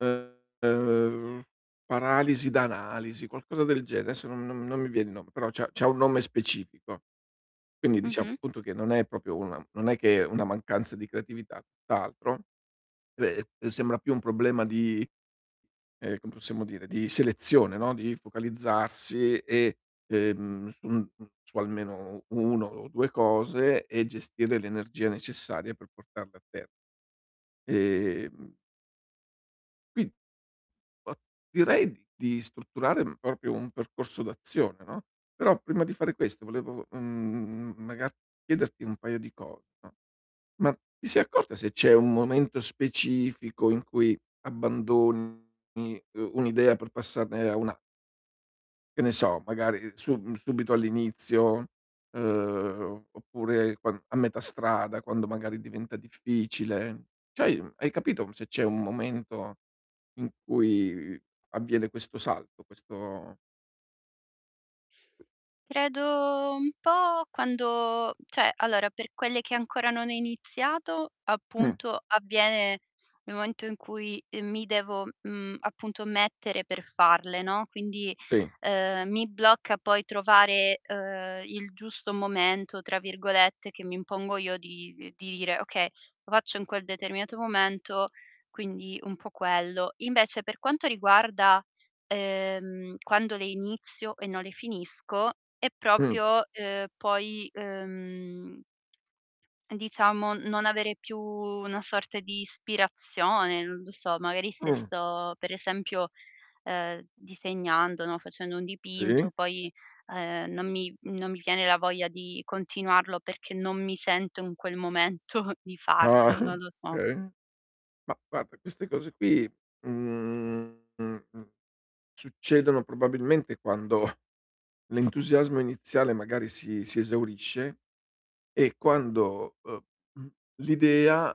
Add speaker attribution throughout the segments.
Speaker 1: Ehm, paralisi da analisi, qualcosa del genere. Adesso non non non mi viene il nome, però c'ha c'ha un nome specifico. Quindi diciamo,
Speaker 2: Mh-mh.
Speaker 1: appunto che non è proprio una non è che è una mancanza di creatività, tutt'altro, ehm, sembra più un problema di, ehm, come possiamo dire, di selezione, no, di focalizzarsi e, ehm, mh mhmm, su almeno 1 o 2 cose, e gestire l'energia necessaria per portarle a ter Ehm Qui o direi di di strutturare, uhm, proprio un percorso d'azione, no, però prima di fare questo volevo, mhmm, magari chiederti un paio di cose, no, ma ti sei accorta se c'è un momento specifico in cui abbandoni, ehm, uhm, un'idea per passarne a un'a che ne so magari sub mhmm, subito all'inizio, ehm, oppure quan a metà strada quando magari diventa difficile, c'hai hai capito se c'è un momento in cui avviene questo salto, questo
Speaker 2: Credo un po' quando cioè allora per quelle che ancora non ho iniziato,
Speaker 1: Mh.
Speaker 2: appunto avviene nel momento in cui, ehm, mi devo, mhmm, appunto mettere per farle, no, quindi,
Speaker 1: Sì.
Speaker 2: ehm, mi blocca poi trovare, ehm, "il giusto momento" tra virgolette, che mi impongo io di uhm, di dire: "Okay, lo faccio in quel determinato momento" quindi un po' quello. Invece per quanto riguarda, ehm, quando le inizio e non le finisco, è
Speaker 1: Mh.
Speaker 2: proprio, ehm, poi, ehm diciamo non avere più una sorta di ispirazione, non lo so, magari se
Speaker 1: Mh.
Speaker 2: sto per esempio, ehm, disegnando, no, facendo un
Speaker 1: Sì.
Speaker 2: dipinto, poi, ehm, non mi non mi viene la voglia di continuarlo perché non mi sento in quel momento di
Speaker 1: Ah.
Speaker 2: farlo, non lo so.
Speaker 1: Okay, ma guarda queste cose qui, mhmm, mhmm, mhmm, succedono probabilmente quando l'entusiasmo iniziale magari si si esaurisce e quando, uhm, mhmm, l'idea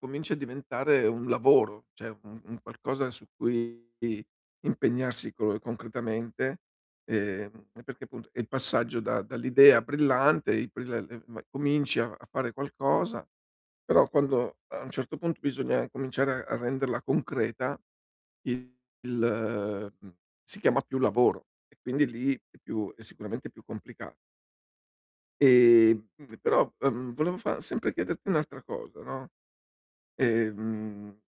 Speaker 1: comincia a diventare un lavoro, cioè un un qualcosa su cui impegnarsi colo concretamente, ehm, e perché appunto e il passaggio da dall'idea brillante, [unintelligible] cominci a a fare qualcosa, però quando a un certo punto bisogna cominciare a a renderla concreta, il ehm, mh, si chiama più lavoro e quindi lì è più è sicuramente più complica Ehm, mhmm, però, ehm, volevo fa sempre chiederti un'altra cosa, no, ehm